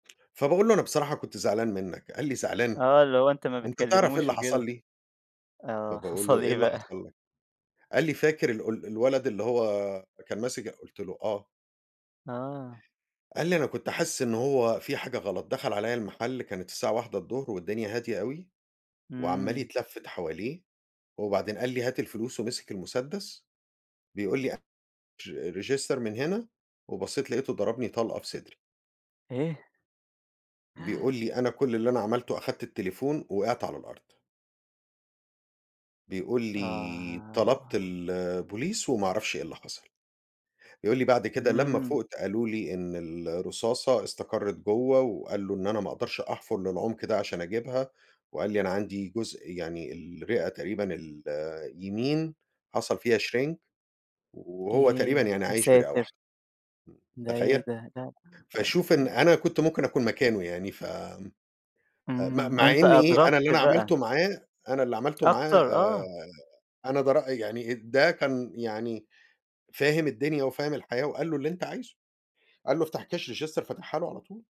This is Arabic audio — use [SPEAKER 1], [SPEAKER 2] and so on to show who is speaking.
[SPEAKER 1] فباقول له: "أنا بصراحة كنت زعلان منّك" قال لي: "زعلان؟
[SPEAKER 2] آه اللي هو أنتَ ما
[SPEAKER 1] أنتَ تعرف إيه
[SPEAKER 2] بتكلموش
[SPEAKER 1] اللي حصل
[SPEAKER 2] وكده.
[SPEAKER 1] لي؟"
[SPEAKER 2] آه
[SPEAKER 1] فباقول له:
[SPEAKER 2] حصل
[SPEAKER 1] "إيه
[SPEAKER 2] إيه
[SPEAKER 1] اللي
[SPEAKER 2] بقى؟
[SPEAKER 1] حصل لك؟"، قال لي: "فاكر ال ال الولد اللي هو كان ماسك ال" قُلْت له: "آه."
[SPEAKER 2] آه.
[SPEAKER 1] قال لي: "أنا كنت حاسس إنه هو في حاجة غلط، دخل عليَّ المحل كانت الساعة 13:00 الضهر والدنيا هادية أوي، وعمّال
[SPEAKER 2] امم.
[SPEAKER 1] يتلفت حواليه وبعدين قال لي: 'هات الفلوس' ومسك المسدس بيقول لي: 'أر register من هنا.' وبصيت لاقيته ضربني طلقة في صدري"
[SPEAKER 2] إيه؟!
[SPEAKER 1] بيقول لي: "أنا كل اللي أنا عملته أخدت التليفون، وقعت على الأرض." بيقول لي:
[SPEAKER 2] آه.
[SPEAKER 1] "طلبت البوليس وما أعرفش إيه اللي حصل". يقول لي: "بعد كده لما
[SPEAKER 2] امم.
[SPEAKER 1] فُقْت قالوا لي إن الرصاصة استقرّت جوّه وقال له: إن أنا ما أقدرش أحفر للعمق ده عشان أجيبها." وقال لي أنا عندي جزء يعني الرئة تقريبًا اليمين حصل فيها shrink "وهو تقريبًا
[SPEAKER 2] ياه!
[SPEAKER 1] يعني عايش برئة
[SPEAKER 2] ياساتر.
[SPEAKER 1] واحدة.
[SPEAKER 2] ده
[SPEAKER 1] تخيّل؟
[SPEAKER 2] إيه ده؟ لأ،
[SPEAKER 1] فَشوف إن
[SPEAKER 2] [unintelligible]
[SPEAKER 1] أنا كنت ممكن أكون مكانه يعني ف آمم، م
[SPEAKER 2] امم،
[SPEAKER 1] مع
[SPEAKER 2] أنتَ
[SPEAKER 1] إن إيه؟ أنا
[SPEAKER 2] أدركت
[SPEAKER 1] اللي أنا
[SPEAKER 2] بقى.
[SPEAKER 1] عملته معاه أنا اللي عملته
[SPEAKER 2] أكتر
[SPEAKER 1] معاه
[SPEAKER 2] آه.
[SPEAKER 1] أنا ده رأ يعني ده كان يعني فاهم الدنيا، وفاهم الحياة وقال له: "اللي أنتَ عايزه" قال له: "افتح كاش register "فتحها له على طول.